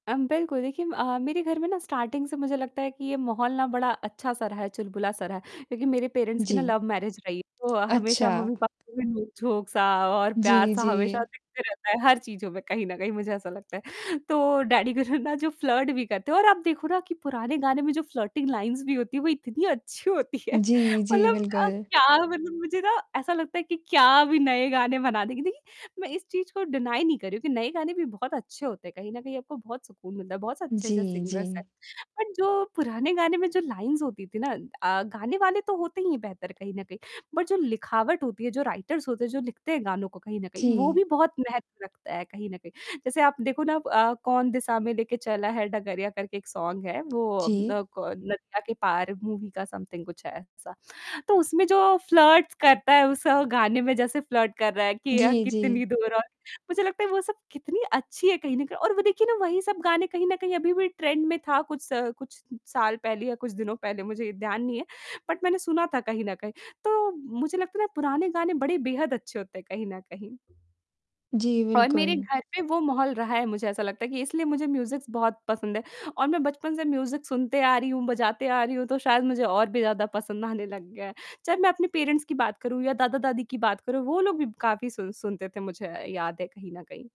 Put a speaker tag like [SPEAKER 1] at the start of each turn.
[SPEAKER 1] अम, बिल्कुल देखिए अ, मेरे घर में ना स्टार्टिंग से मुझे लगता है कि ये माहौल ना बड़ा अच्छा-सा रहा है, चुलबुला सा रहा है। लेकिन मेरे पेरेंट्स की ना
[SPEAKER 2] जी।
[SPEAKER 1] लव मैरिज रही है तो अ, हमेशा
[SPEAKER 2] अच्छा।
[SPEAKER 1] मम्मी-पापा के बीच में नोक-झोक सा और
[SPEAKER 2] जी,
[SPEAKER 1] प्यार-सा हमेशा
[SPEAKER 2] जी।
[SPEAKER 1] दिखते रहता है हर चीज़ों में कहीं न कहीं मुझे ऐसा लगता है। तो डैडी [unintelligible] ना जो फ्लर्ट भी करते हैं और आप देखो ना कि पुराने गाने में जो फ्लर्टिंग लाइन्स भी होती है वो इतनी अच्छी होती है।
[SPEAKER 2] जी, जी,
[SPEAKER 1] मतलब
[SPEAKER 2] बिल्कुल।
[SPEAKER 1] क्या मुझे ना ऐसा लगता है कि क्या भी नए गाने बनाने की देखिए मैं इस चीज़ को डिनाइ नहीं कर रही हूँ कि नए गाने भी बहुत अच्छे होते हैं कहीं न कहीं आपको बहुत सुकून मिलता है बहुत अच्छे जैसे
[SPEAKER 2] जी,
[SPEAKER 1] सिंगर्स हैं।
[SPEAKER 2] जी।
[SPEAKER 1] बट जो पुराने गाने में जो लाइन्स होती थी ना अ, गाने वाले तो होते ही नहीं हैं बेहतर कहीं न कहीं। बट जो लिखावट होती है जो राइटर्स होते हैं जो लिखते हैं गानों को कहीं न कहीं वो
[SPEAKER 2] जी।
[SPEAKER 1] भी बहुत महत्व रखता है कहीं न कहीं। जैसे आप देखो ना अ, "कौन दिसा में लेके चला है डगरिया" करके एक सॉन्ग है वो अ,
[SPEAKER 2] जी।
[SPEAKER 1] न क नदिया के पार मूवी का सम्थिंग कुछ है ऐसा। तो उसमें जो फ्लर्ट्स करता है उस गाने में जैसे फ्लर्ट कर रहा है कि अ,
[SPEAKER 2] जी, जी।
[SPEAKER 1] कितनी दूर और मुझे लगता है वो सब कितनी अच्छी है कहीं न कहीं और वो देखिए ना वही सब गाने कहीं न कहीं अभी भी ट्रेंड में था कुछ स कुछ साल पहले या कुछ दिनों पहले मुझे ध्यान नहीं है। बट मैंने सुना था कहीं न कहीं, तो मुझे लगता है ना पुराने गाने बड़े बेहद अच्छे होते हैं कहीं न कहीं।
[SPEAKER 2] जी,
[SPEAKER 1] और मेरे
[SPEAKER 2] बिल्कुल।
[SPEAKER 1] घर पे वो माहौल रहा है मुझे ऐसा लगता है कि इसलिए मुझे म्यूज़िक्स बहुत पसंद है और मैं बचपन से म्यूज़िक सुनते आ रही हूँ, बजाते आ रही हूँ, तो शायद मुझे और भी ज़्यादा पसंद आने लग गया है। चाहे मैं अपने पेरेंट्स की बात करूँ या दादा-दादी की बात करूँ वो लोग भी काफ़ी सुन सुनते थे मुझे याद है कहीं न कहीं।